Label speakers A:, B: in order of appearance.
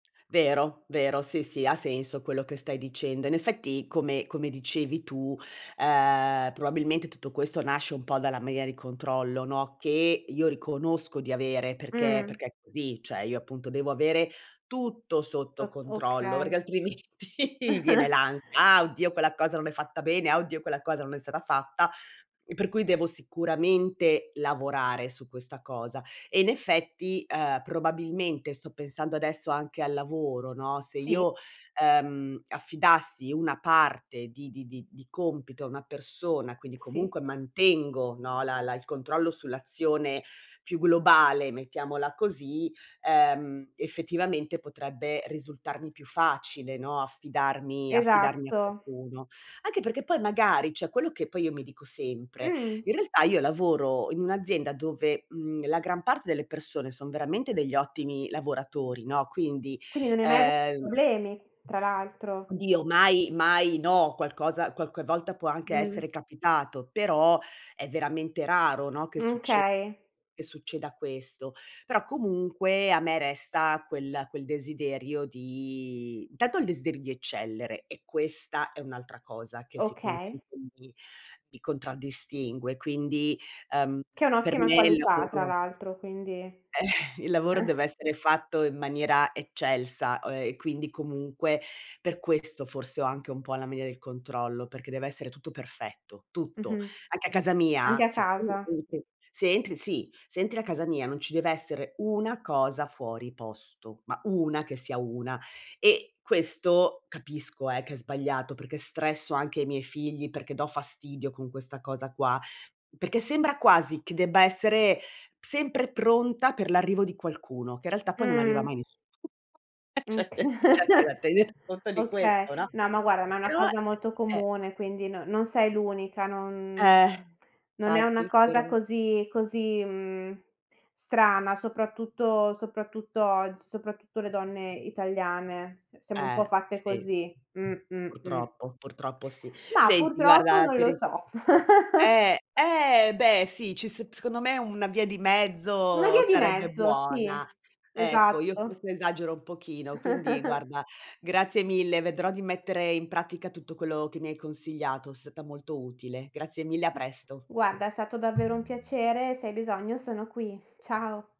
A: Vero, vero, sì sì, ha senso quello che stai dicendo. In effetti, come come dicevi tu, ehm, probabilmente tutto questo nasce un po' dalla mania del controllo, no, che io riconosco di avere, perché
B: Mh.
A: perché è così; cioè io appunto devo avere tutto sotto
B: Tot
A: controllo,
B: okay.
A: perché altrimenti viene l'ansia: "Ah, oddio quella cosa non è fatta bene; ah oddio quella cosa non è stata fatta;" e per cui devo sicuramente lavorare su questa cosa. E in effetti, ehm, probabilmente sto pensando adesso anche al lavoro, no, se
B: Sì.
A: io, ehm, affidassi una parte di di di di compito a una persona, quindi
B: Sì.
A: comunque mantengo, no, la la il controllo sull'azione più globale, mettiamola così, ehm effettivamente, potrebbe risultarmi più facile, no, affidarmi affidarmi a
B: Esatto.
A: qualcuno. Anche perché poi magari cioè quello che poi io mi dico sempre:
B: Mh.
A: in realtà io lavoro in un'azienda dove, mhmm, la gran parte delle persone son veramente degli ottimi lavoratori, no, quindi,
B: Quindi non hai mai avuto
A: ehm
B: problemi, tra l'altro.
A: Dio mai, mai no, qualcosa qualche volta può anche
B: Mh.
A: essere capitato, però è veramente raro, no, che succe
B: Okay.
A: che succeda questo. Però comunque a me resta quel quel desiderio di tanto il desiderio di eccellere, e questa è un'altra cosa che
B: Okay.
A: sicuramente mi mi contraddistingue. Quindi, ehm,
B: Che è
A: per
B: un'ottima
A: me il
B: qualità tra
A: lavoro
B: l'altro, quindi eh.
A: eh, il lavoro deve essere fatto in maniera eccelsa, o ehm, quindi comunque per questo forse ho anche un po' la mania del controllo, perché deve essere tutto perfetto, tutto.
B: Mh-mh.
A: Anche a casa
B: Anche
A: mia,
B: a
A: se tu
B: casa.
A: entri se entri si, se entri a casa mia, non ci deve essere 1 cosa fuori posto, ma 1 che sia 1. E questo capisco eh, che è sbagliato perché stresso anche i miei figli, perché do fastidio con questa cosa qua, perché sembra quasi che debba essere sempre pronta per l'arrivo di qualcuno, che in realtà poi non arriva
B: Mh.
A: mai in nessuno, e
B: Oka
A: c'è c'è anche da tener conto di
B: okay.
A: questo, no.
B: No, ma guarda, ma è una
A: Però,
B: cosa molto
A: e eh.
B: comune, quindi non non sei l'unica, non
A: Eh,
B: non è una
A: fatti
B: cosa
A: spero
B: così così, mhmm, strana, soprattutto soprattutto og soprattutto le donne italiane. S siamo un po'
A: Eh,
B: fatte
A: sì.
B: così. Mh, mh, mh.
A: Purtroppo, purtroppo sì.
B: Mah,
A: Senti
B: purtroppo
A: guarda
B: non
A: ti
B: lo
A: ri
B: so.
A: eh, eh beh sì, ci s secondo me una via di
B: Una
A: mezzo
B: via di
A: sarebbe
B: mezzo,
A: buona.
B: sì,
A: Ecco, io
B: esatto.
A: forse esagero un pochino, quindi guarda, grazie mille, vedrò di mettere in pratica tutto quello che mi hai consigliato, seta molto utile. Grazie mille, a presto.
B: Guarda, è stato davvero un piacere. Se hai bisogno sono qui. Ciao.